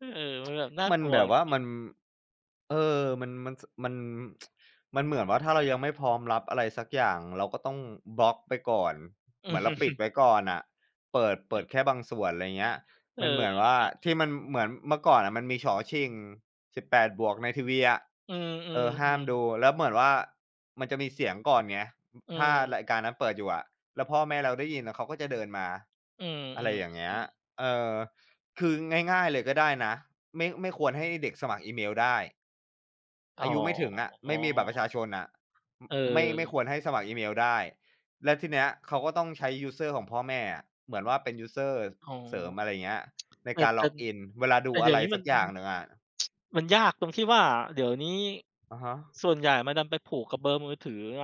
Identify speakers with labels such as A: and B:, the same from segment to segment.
A: เออ มันแบบน่า
B: มัน
A: กลัว
B: แบบ
A: จ
B: ว่า
A: ริง ๆ
B: มัน เออ มัน มัน ส มัน มันเหมือนว่า ถ้าเรายังไม่พร้อมรับอะไรสักอย่าง เราก็ต้องบล็อกไปก่อน เหมือนเราปิดไว้ก่อนน่ะ เปิด เปิดแค่บางส่วน อะไรเงี้ย
A: เอ
B: ม
A: อ
B: ันเหมือนว่า
A: ครับ
B: ที่มัน เหมือนเมื่อก่อนอะมันมี ฉ 18+ ในทีวีอะ
A: เออ
B: เออ ห
A: ๆ อื
B: ้าม
A: อ
B: ดู แล้วเหมือนว่า มันจะมีเสียงก่อนไง
A: เ
B: ถ้าร
A: ออ
B: ายการนั้นเปิดอยู่อะ แล้วพ่อแม่เราได้ยินอะ เขาก็จะเดินมา
A: อื
B: อะไรอย่างเงี้ย
A: ม ๆ ๆ
B: เออ คือง่าย ๆ เลยก็ได้นะ ไม่ ไม่ควรให้เด็กสมัครอีเมลได้
A: อ๋
B: อายุไม่ถึงอะ ไม่มีบัตรปร
A: อ
B: ะชาชนอะ อ
A: เ
B: ไม่ ไม่
A: ออ
B: ควรให้สมัครอีเมลได้ แล้วทีเนี้ยเขาก็ต้องใช้ยูสเซอร์ของพ่อแม่อะ เหมือนว่าเป็นยูสเซอร์
A: อ๋อ
B: เสริม อะไรเงี้ย ใน
A: แต่
B: การ
A: แต่น
B: login เวลาด
A: แ
B: ู
A: ต่เ
B: อ
A: ดี
B: ะ
A: ๋ย
B: ไร
A: วนี้
B: ส
A: มั
B: ัก
A: น
B: อย่างหนึ่งอะ
A: มันยากตรงที่ว่า เดี๋ยวนี้
B: อะฮะ
A: ส่วนใหญ่มันดันไปผูกกับเบอร์มือถือไง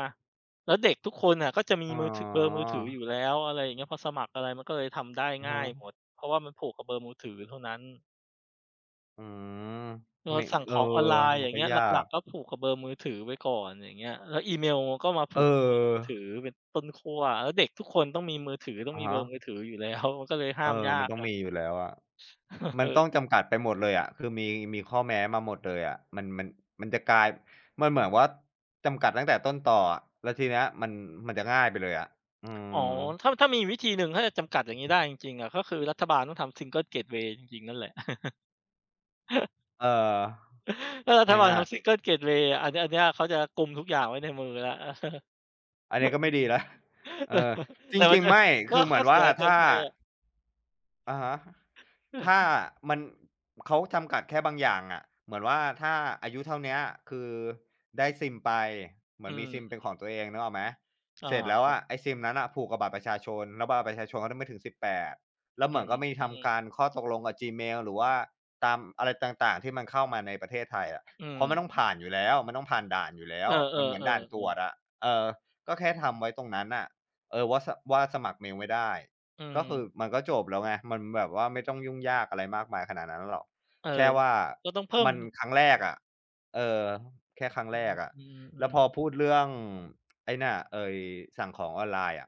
A: แล้วเด็กทุกคนน่ะก็จะมี
B: อ๋
A: มือ ถ เบอร์มือถือ
B: อ
A: อยู่แล้ว อะไรอย่างเงี้ย พอสมัครอะไรมันก็เลยทำได้
B: อือ
A: ง
B: ฮ
A: ่ายหม
B: ึ
A: ด เพราะว่ามันผูกกับเบอร์มือถือเท่านั้น
B: อืม
A: เออ
B: ไม่
A: สั่ง
B: เ
A: ข
B: ออ
A: องออนไลน์
B: ม
A: อ
B: ั
A: ย่
B: น
A: าง
B: ก
A: เ
B: ็
A: งี้ย
B: ย
A: หล
B: า
A: ั
B: ก
A: ก ๆ ก็ผูกกับเบอร์มือถือไว้ก่อน อย่างเงี้ย แล้วอีเมลก็มาผ
B: เ
A: ู
B: อ
A: กกับเบอร์มือถื
B: อ
A: อเป็นต้นขั้ว แล้วเด็กทุกคนต้องมีมือถือ ต้อ
B: อ
A: ง
B: ะ
A: มี
B: ฮ
A: เบอร์มือ
B: ะ
A: ถืออยู่ แล้ว ก็เลยห้
B: เ
A: า
B: ออ
A: มยา
B: มัน
A: ก
B: ต้อง
A: อะ
B: มีอยู่แล้วอะ ม
A: เ
B: ั
A: อ
B: นต้
A: อ
B: องจำกัดไปหมดเลยอะ คือมี มีข้อแม้มาหมดเลยอะ มัน มัน มันจะกลาย มันเหมือนว่า จำกัดตั้งแต่ต้นตออะ แล้วทีเนี้ยมัน มันจะง่ายไปเลยอะ อื
A: อ๋อ
B: ม
A: ถ้า ถ้ามีอีกวิธีหนึ่ง ถ้าจะจำกัดอย่างงี้ได้จริง ๆ อะ ก็คือรัฐบาลต้องทำ Single Gateway จริง ๆ นั่นแหละ
B: เออ
A: ถ้ารัฐบา
B: ง
A: ล
B: ่า
A: เข
B: ย
A: า
B: ๆ
A: Single Gateway อะ อันเนี้ย อันเนี้ยเขาจะกุมทุกอย่างไว้ในมือแล้ว
B: อันนี้ก็ไม่ดีแล้ว เออ จ
A: แต่มั
B: ร
A: น
B: ิง
A: จะ
B: ๆ ไม่
A: ก
B: ค
A: ็
B: ือเห
A: ข
B: มื
A: ้อ
B: อน
A: เส
B: ว่
A: ี
B: า
A: ยเก
B: ถ
A: ิ
B: ้
A: น
B: า
A: ไปอะ
B: อะฮะ ถ้ามัน เขาจำกัดแค่บางอย่างอะ เหมือนว่า ถ้าอายุเท่าเนี้ยคือได้ซิมไป เหมื
A: อื
B: อนมีซิ
A: ม
B: มเป็นของตัวเอง นึกออกไหม?
A: อา
B: เสร็จแล้
A: ค
B: ว
A: ร
B: อ
A: ับ
B: ะ ไอ้ซิมนั้นน่ะผูกกับบัตรประชาชน แล้วบัตรประชาชนก็ไม่ถึง 18 แล้ว
A: อ
B: เ
A: ื
B: หมือน
A: ม
B: ก็มี
A: อื
B: ท
A: อ
B: ำการข้อตกลงกับ Gmail หรือว่า ตามอะไรต่าง ๆ ที่มันเข้ามาในประเทศไทยอะ
A: อื
B: เพราะมันต้อง
A: ม
B: ผ่านอยู่แล้ว มันต้องผ่านด่านอยู่แล้
A: เอ
B: ว
A: อ
B: มันเหมือนด่านตรว
A: ๆ ๆ ๆ
B: จอะ เออ ก็แค่ทำไว้ตรงนั้นน่ะ เออ ว่า สะ ว่าสมัครเมลไม่ได้
A: อื
B: ก็คือ
A: ม
B: มันก็จบแล้วไง มันแบบว่า ไม่ต้องยุ่งยากอะไรมากมายขนาดนั้นหรอก
A: เออ
B: แค่ว่า
A: ก็ต้องเพิ่
B: ม
A: ม
B: ันครั้งแรกอะ เออ แค่ครั้ง
A: อื
B: แรกอะ แล้ว
A: ม ๆ
B: พ
A: ๆ
B: อพูดเรื่อง ไอ้เนี่ย ไอ้สั่งของออนไลน์อะ